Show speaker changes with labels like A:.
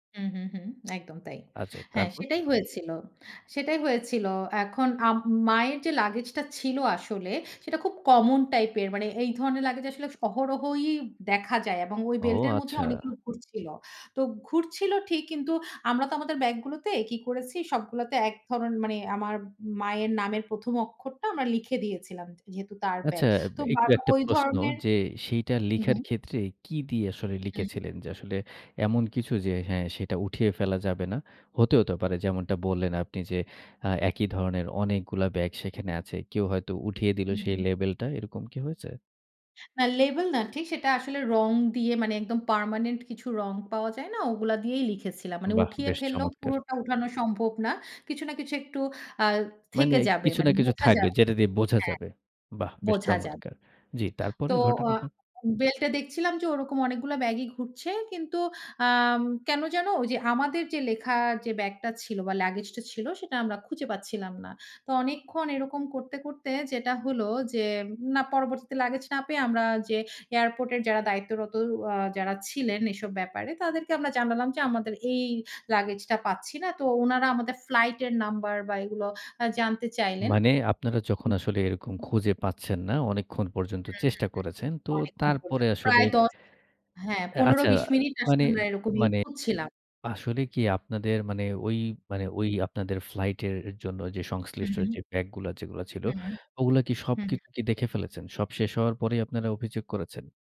A: হু, হু, হু। একদম তাই।
B: আচ্ছা
A: হ্যাঁ,
B: তারপর?
A: সেটাই হয়েছিল। সেটাই হয়েছিল। এখন আম মায়ের যে লাগেজটা ছিল আসলে সেটা খুব কমন টাইপ এর। মানে এই ধরনের লাগেজ আসলে অহরহই দেখা যায় এবং ওই
B: ও
A: বেল্ট এর মধ্যে
B: আচ্ছা।
A: অনেকগুলো ঘুরছিল। তো ঘুরছিল ঠিক কিন্তু আমরা তো আমাদের ব্যাগ গুলোতে কি করেছি সবগুলাতে এক ধরনের মানে আমার মায়ের নামের ১ম, অক্ষরটা আমরা লিখে দিয়েছিলাম যেহেতু তার
B: আচ্ছা
A: ব্যাগ।
B: আ
A: তো
B: একটু
A: বারবার
B: একটা
A: ওই
B: প্রশ্ন
A: ধরনের
B: যে সেইটা
A: হু, হু।
B: লিখার ক্ষেত্রে কি দিয়ে আসলে
A: হুম।
B: লিখেছিলেন? যে আসলে এমন কিছু যে হ্যাঁ, সেটা উঠিয়ে ফেলা যাবে না। হতেও তো পারে যেমনটা বললেন, আপনি যে আ একই ধরনের অনেকগুলা ব্যাগ সেখানে আছে। কেউ হয়তো উঠিয়ে দিলো
A: হুম,
B: সেই
A: হুম।
B: লেভেলটা এরকম কি হয়েছে?
A: না লেভেল না ঠিক সেটা আসলে রং দিয়ে মানে একদম পার্মানেন্ট কিছু রং পাওয়া যায় না ওগুলা দিয়েই লিখেছিলাম। মানে
B: বাহ!
A: উঠিয়ে
B: বেশ
A: ফেললেও
B: চমৎকার!
A: পুরোটা উঠানো সম্ভব না। কিছু না কিছু একটু আ
B: মানে
A: থেকে যাবে
B: কিছু
A: মানে
B: না কিছু
A: বোঝা
B: থাকবে
A: যাবে।
B: যেটা দিয়ে বোঝা
A: হ্যাঁ,
B: যাবে। বাহ! বেশ
A: বোঝা যাবে।
B: চমৎকার! জি।
A: তো
B: তারপরের
A: আ
B: ঘটনাটা?
A: বেল্ট এ দেখছিলাম যে ওরকম অনেকগুলা ব্যাগই ঘুরছে। কিন্তু আম কেন জানো ওইযে আমাদের যে লেখা যে ব্যাগটা ছিল বা লাগেজটা ছিল সেটা আমরা খুঁজে পাচ্ছিলাম না। তো অনেকক্ষণ এরকম করতে, করতে যেটা হলো যে না পরবর্তীতে লাগেজ না পেয়ে আমরা যে এয়ারপোর্ট এর যারা দায়িত্বরত আ যারা ছিলেন এসব ব্যাপারে তাদেরকে আমরা জানালাম যে আমাদের এই লাগেজটা পাচ্ছি না। তো উনারা আমাদের ফ্লাইটের নাম্বার বা এগুলো আ জানতে চাইলেন।
B: মানে আপনারা
A: হু,
B: যখন
A: হু,
B: আসলে এরকম খুঁজে পাচ্ছেন না, অনেকক্ষণ পর্যন্ত
A: হু, হু।
B: চেষ্টা করেছেন। তো
A: অনেকক্ষণ
B: তারপরে
A: পর্যন্ত
B: আসলে।
A: প্রায়, ১০ হ্যাঁ,
B: এ আচ্ছা অ্যা
A: ১৫-২০ মিনিট
B: মানে,
A: আসলে আমরা এরকমই
B: মানে
A: খুঁজছিলাম।
B: আসলে কি আপনাদের মানে ওই মানে ওই আপনাদের ফ্লাইট এর জন্য যে
A: হু,
B: সংশ্লিষ্ট
A: হু।
B: যে ব্যাগ গুলা যেগুলা ছিল
A: হুম,
B: ওগুলা কি
A: হু, হু।
B: সবকিছু কি দেখে ফেলেছেন? সব শেষ হওয়ার পরেই আপনারা অভিযোগ করেছেন?